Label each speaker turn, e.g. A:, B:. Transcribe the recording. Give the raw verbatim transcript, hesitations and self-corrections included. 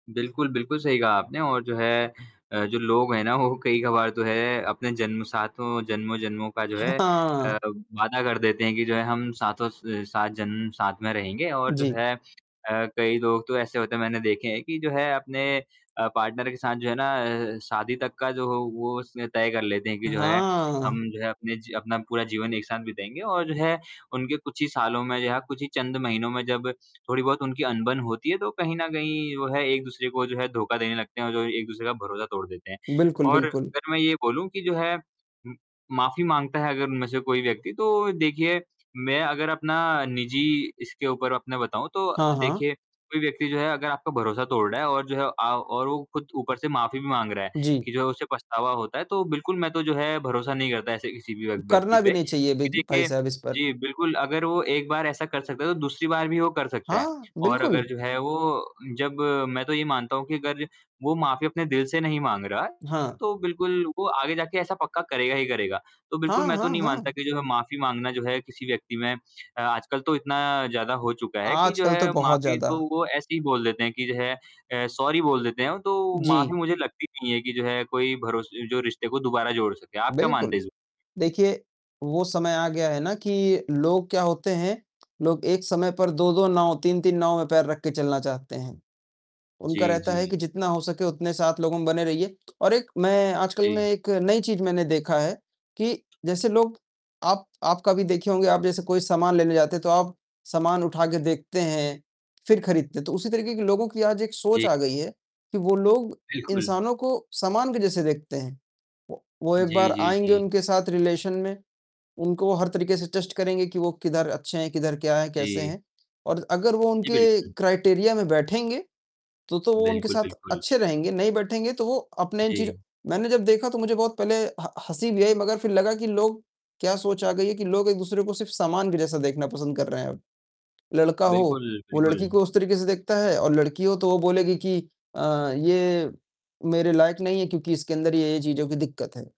A: बिल्कुल, बिल्कुल सही कहा आपने और जो है अ, जो लोग हैं ना वो कई-कभार तो है, अपने जन्म सातों जन्मों-जन्मों का जो
B: ह
A: है, अ,
B: हाँ।
A: अब वादा कर देते हैं कि जो है हम साथों स सात जन्म साथ में रहेंगे और जो
B: जी।
A: है, अ, कई लोग तो ऐसे होते हैं मैंने देखे हैं कि जो है अपने अ, पार्टनर के साथ जो है ना, अ, शादी तक का जो हो वो उसने तय कर लेते हैं कि जो है हम
B: हाँ।
A: जो है अपने जी अपना पूरा जीवन एक साथ बिताएँगे और जो है उनके कुछ ही सालों में जो है, कुछ ही चंद महीनों में जब थोड़ी-बहुत उनकी अनबन होती है तो कहीं न कहीं वो है एक-दूसरे को जो है धोखा देने लगते हैं और जो एक-दूसरे का भरोसा तोड़ देते हैं।
B: बिल्कुल,
A: और
B: बिल्कुल।
A: अगर मैं ये बोलूँ कि जो है उम, माफ़ी माँगता है अगर उनमें से कोई व्यक्ति तो देखिए मैं अगर अपना निजी इसके ऊपर अपना बताऊँ तो
B: हाँ, हाँ।
A: देखिए कोई व्यक्ति जो है अगर आपका भरोसा तोड़ रहा है और जो है आव और वो खुद ऊपर से माफ़ी भी माँग रहा है
B: जी।
A: कि जो है उसे पछतावा होता है, तो बिल्कुल मैं तो जो है भरोसा नहीं करता ऐसे किसी भी व्य व्यक्ति
B: करना भी
A: पे,
B: नहीं चाहिए बीज
A: क्योंकि
B: भाई
A: देखिए
B: साहब इस पर।
A: जी, बिल्कुल, अगर वो एक बार ऐसा कर सकता है तो दूसरी बार भी वो कर सकता है।
B: हाँ,
A: और
B: बिल्कुल।
A: अगर जो है वो जब मैं तो ये मानता हूँ कि अगर वो माफ़ी अपने दिल से नहीं माँग रहा है,
B: हाँ।
A: तो बिल्कुल वो आगे जा के ऐसा पक्का करेगा ही करेगा। तो बिल्कुल
B: हाँ,
A: मैं तो
B: हाँ,
A: नहीं मानता
B: हाँ।
A: कि जो है माफ़ी माँगना जो है किसी व्यक्ति में अ, आजकल तो इतना ज़्यादा हो चुका है कि जो
B: आजकल तो
A: है
B: बहुत
A: माफ़ी तो
B: ज़्यादा।
A: वो ऐसे ही बोल देते हैं कि जो है अ, सॉरी बोल देते हैं। तो
B: जी।
A: माफ़ी मुझे लगती नहीं है कि जो है कोई भरोस जो रिश्ते को दोबारा जोड़ सके। आप क्या मानते
B: बिल्कुल।
A: हैं इस में
B: देखिए, वो समय आ गया है ना कि लोग क्या होते हैं, लोग एक समय पर दो दो नाव, तीन-तीन नाव में पैर रख के चलना चाहते हैं। उनका
A: जी,
B: रहता है
A: जी।
B: कि जितना हो सके उतने साथ लोगों में बने रहिए। और एक मैं आजकल में
A: जी।
B: एक नई चीज़ मैंने देखा है कि जैसे लोग आप आप कभी देखे होंगे आप जैसे कोई सामान लेने जाते हैं तो आप सामान उठा के देखते हैं, फिर खरीदते हैं, तो उसी तरीके की लोगों की आज एक सोच
A: जी।
B: आ गई है कि वो लोग
A: बिल्कुल।
B: इंसानों को सामान के जैसे देखते हैं। वो वो एक
A: जी,
B: बार
A: जी,
B: आएँगे
A: जी।
B: उनके साथ रिलेशन में, उनको हर तरीके से टेस्ट करेंगे कि वो किधर अच्छे हैं, किधर क्या है, कैसे
A: जी।
B: हैं और अगर वो
A: जी,
B: उनके
A: बिल्कुल।
B: क्राइटेरिया में बैठेंगे तो, तो वो उनके
A: बिल्कुल,
B: साथ
A: बिल्कुल।
B: अच्छे रहेंगे, नहीं बैठेंगे तो वो अपने इन चीज़ों
A: जी।
B: मैंने जब देखा तो मुझे बहुत पहले ह हँसी भी आई मगर फिर लगा कि लोग क्या सोच आ गई है कि लोग एक-दूसरे को सिर्फ़ सामान के जैसा देखना पसंद कर रहे हैं अब। लड़का हो,
A: बिल्कुल,
B: वो लड़की को
A: बिल्कुल।
B: उस तरीके से देखता है और लड़की हो तो वो बोलेगी कि अ, ये मेरे लायक नहीं है क्योंकि इसके अंदर ये-ये चीज़ों की दिक्कत है।